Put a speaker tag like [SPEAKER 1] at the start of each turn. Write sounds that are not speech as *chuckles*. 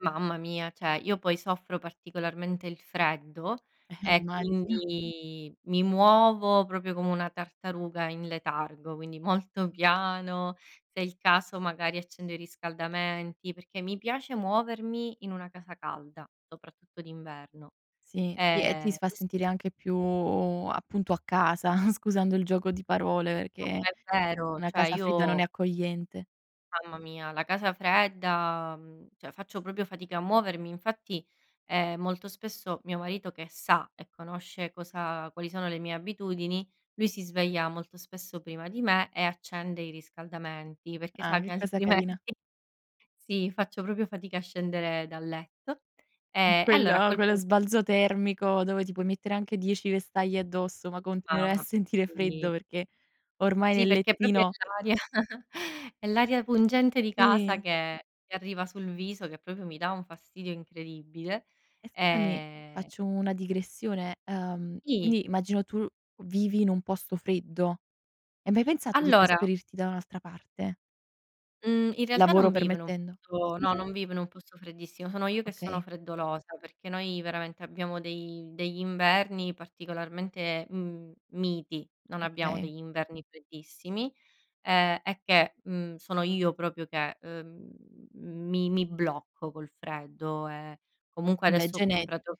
[SPEAKER 1] Mamma mia! Cioè io, poi, soffro particolarmente il freddo
[SPEAKER 2] Eh,
[SPEAKER 1] e
[SPEAKER 2] immagino.
[SPEAKER 1] quindi mi muovo proprio come una tartaruga in letargo, quindi molto piano, se è il caso magari accendo i riscaldamenti, perché mi piace muovermi in una casa calda, soprattutto d'inverno.
[SPEAKER 2] Sì, sì, e ti
[SPEAKER 1] Ehm,
[SPEAKER 2] s fa
[SPEAKER 1] ques
[SPEAKER 2] sentire anche più, appunto, a casa, *chuckles* scusando il gioco di parole,
[SPEAKER 1] No,
[SPEAKER 2] che
[SPEAKER 1] ma è vero,
[SPEAKER 2] una
[SPEAKER 1] cioè
[SPEAKER 2] casa fredda non
[SPEAKER 1] io
[SPEAKER 2] è accogliente.
[SPEAKER 1] Mamma mia, la casa fredda, mhmm, cioè faccio proprio fatica a muovermi, infatti, ehm, molto spesso, mio marito che sa e conosce cosa quali sono le mie abitudini, lui si sveglia molto spesso prima di me e accende i riscaldamenti perché
[SPEAKER 2] Ah,
[SPEAKER 1] sa che
[SPEAKER 2] che cosa
[SPEAKER 1] altrimenti
[SPEAKER 2] carina.
[SPEAKER 1] sì, faccio proprio fatica a scendere dal letto. Ehm, allora, a
[SPEAKER 2] Quello
[SPEAKER 1] quel
[SPEAKER 2] quello
[SPEAKER 1] punto
[SPEAKER 2] sbalzo termico dove ti puoi mettere anche 10 vestaglie addosso, ma continuerai a
[SPEAKER 1] Ah,
[SPEAKER 2] sentire
[SPEAKER 1] sì.
[SPEAKER 2] freddo perché ormai
[SPEAKER 1] Sì,
[SPEAKER 2] nel
[SPEAKER 1] perché proprio è
[SPEAKER 2] lettino
[SPEAKER 1] l'aria *chuckles* è l'aria pungente di casa
[SPEAKER 2] Sì.
[SPEAKER 1] che che arriva sul viso che proprio mi dà un fastidio incredibile.
[SPEAKER 2] E scusami,
[SPEAKER 1] Ehm
[SPEAKER 2] faccio una digressione: uhm,
[SPEAKER 1] Sì.
[SPEAKER 2] quindi immagino tu vivi in un posto freddo. Hai mai pensato di
[SPEAKER 1] Allora
[SPEAKER 2] trasferirti da un'altra parte?
[SPEAKER 1] mhmm, in realtà,
[SPEAKER 2] Lavoro
[SPEAKER 1] non vivo in un
[SPEAKER 2] permettendo.
[SPEAKER 1] posto no,
[SPEAKER 2] Scusami?
[SPEAKER 1] non vivo in un posto freddissimo. Sono io che sono
[SPEAKER 2] Okay.
[SPEAKER 1] freddolosa, perché noi veramente abbiamo dei degli inverni particolarmente, mhmm, miti, non abbiamo
[SPEAKER 2] Okay.
[SPEAKER 1] degli inverni freddissimi. Ehm è che, mhmm, sono io proprio che, ehm, mi mi blocco col freddo. Ehm, comunque
[SPEAKER 2] Vabbè,
[SPEAKER 1] adesso ho
[SPEAKER 2] gene
[SPEAKER 1] comprato